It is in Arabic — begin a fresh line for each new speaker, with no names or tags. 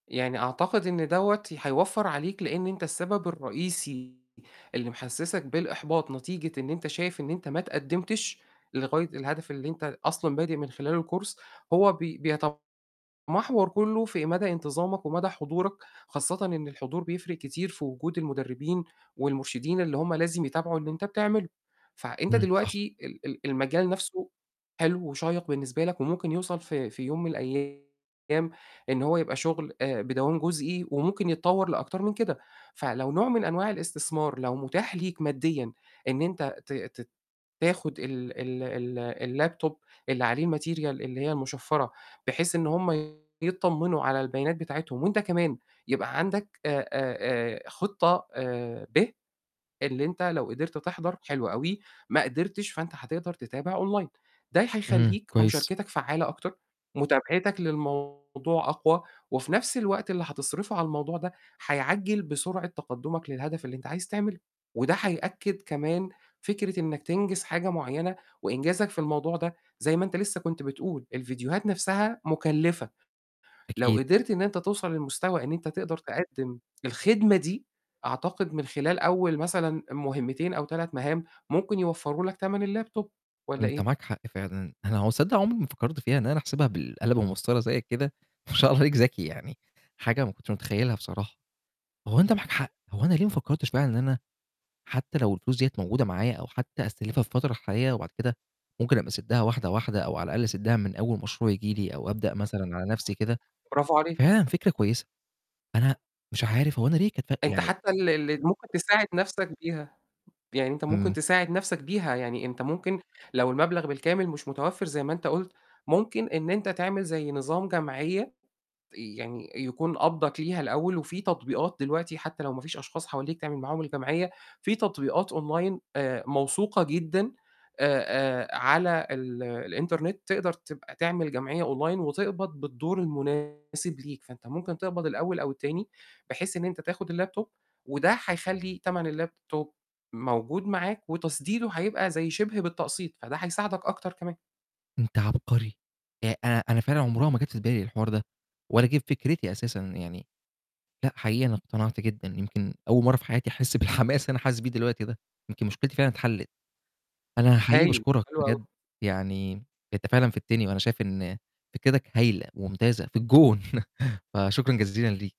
يعني أعتقد إن دَوّة ي هيوفَّر عليك، لإن أنت السبب الرئيسي اللي محسّسك بالإحباط نتيجة إن أنت شايف إن أنت ما اتقدّمتش لغاية الهدف اللي أنت ال أصلًا بادئ من خلال course، هو بي بيتمحوَر كلّه في مدى انتظامك ومدى حضورك، خاصةً إن الحضور بيفرِق كتير في وجود المدربين والمرشدين اللي هُم لازم يتابعوا اللي أنت بتعمله. فع أنت
إمم، صح.
دلوقتي ال ال المجال نَفْسه حلو وشَيّق بالنسبة لك وممكن يوصل ف في يوم من الأيام إن هو يبقى شُغل آآ، بدوام جُزئي وممكن يتطوَّر لأكتر من كده، فلو نوع من أنواع الإستثمار لو مُتاح ليك ماديًا، إن أنت ت ت تاخُد ال ال ال الlaptop اللي عليه الmaterial اللي هي المُشفّرة، بحيث إن هُم يتطمّنوا على البيانات بتاعتهم وأنت كمان يبقى عندك آآ، آآ، آآ خِطّة آآ، ب، اللي أنت لو قِدرت تِحضَر حلو أوي، ما قدرتش، فأنت هتقدَر تتابع online. ده ي
إمم،
هيخلّيك
كويس.
مُشاركتك فعّالة أكتر، مُتابعتك للموضوع أقوى وفي نَفْس الوقت اللي حتصرفه على الموضوع ده حيعجّل بسرعة تقدُّمك للهدف اللي أنت عايز تعمله، وده حيأكد كمان فكرة إنّك تنجِز حاجة معيّنة وإنجازك في الموضوع ده، زي ما أنت لسه كنت بتقول الفيديوهات نَفْسها مُكلّفة، لو
أكيد.
قدرت إن أنت توصل للمستوى إن أنت تقدر تقدم الخدمة دي، أعتقد من خلال أول مثلًا مُهمتين أو 3 مَهام، ممكن يوفَّروا لك تَمن الlaptop والّا
أنت
إيه؟
معاك حق فعلًا، أنا هو تصدق عُمري ما فكّرت فيها إن أنا أحسبها بالقلم والمَسطرة زي كده ما شاء الله عليك ذَكي يعني، حاجة ما كنتش متخيّلها بصراحة، هو أنت معاك حق. هو أنا ليه ما فكّرتش بقى إن أنا حتى لو الفلوس دِيّة موجودة معايا أو حتى أستلفها في الفترة الحالية وبعد كده ممكن أبقى أسدّها واحدة، واحدة أو على الأقل أسدّها من أول مشروع ييجي لي أو أبدأ مثلًا على نَفْسي كده،
برافو عليك.
فعلًا فكرة كويسة. أنا مش عارف، هو أنا ليه كانت فَرق
أنت
يعني
حتى ال ال ممكن تساعد نَفْسك بيها. يعني أنت ممكن
إمم.
تساعد نَفْسك بيها، يعني أنت ممكن لو المَبلغ بالكامل مش متوفِّر زي ما أنت قُلت، ممكن إن أنت تعمل زي نظام جمعيّة تي يعني يكون قَبضَك ليها الأول وفي تطبيقات دلوقتي حتى لو ما فيش أشخاص حواليك تعمل معاهم الجمعية، في تطبيقات online آآ موثوقة جدًا آآ، آآ على ال الإنترنت، تقدر تبقى تعمل جمعيّة online وتقبَض بالدور المناسِب ليك، فأنت ممكن تقبَض الأول أو التاني بحيث إن أنت تاخُد الlaptop وده حيخلّي تَمن الlaptop موجود معاك وتَسديده هيبقى زي شِبه بالتقسيط، فده هيساعدك أكتر كمان.
أنت عَبقري، آآ أنا أنا فعلًا عُمرها ما جات في بالي الحوار ده ولا جِه في فكرتي أساسًا، يعني لأ، حقيقي أنا اقتنعت جدًا، يمكن أول مرّة في حياتي أحس بالحماس اللي أنا حاسس بيه دلوقتي ده، يمكن مُشكلتي فعلًا اتحلِّت. أنا حقيقي
هايل.
باشكرك
حلو
بجد،
أوي.
يعني أنت فعلًا فِدتني وأنا شايف إن فكرِتك هايلة ومُمتازة، في الجون. فشكرًا جزيلاً ليك.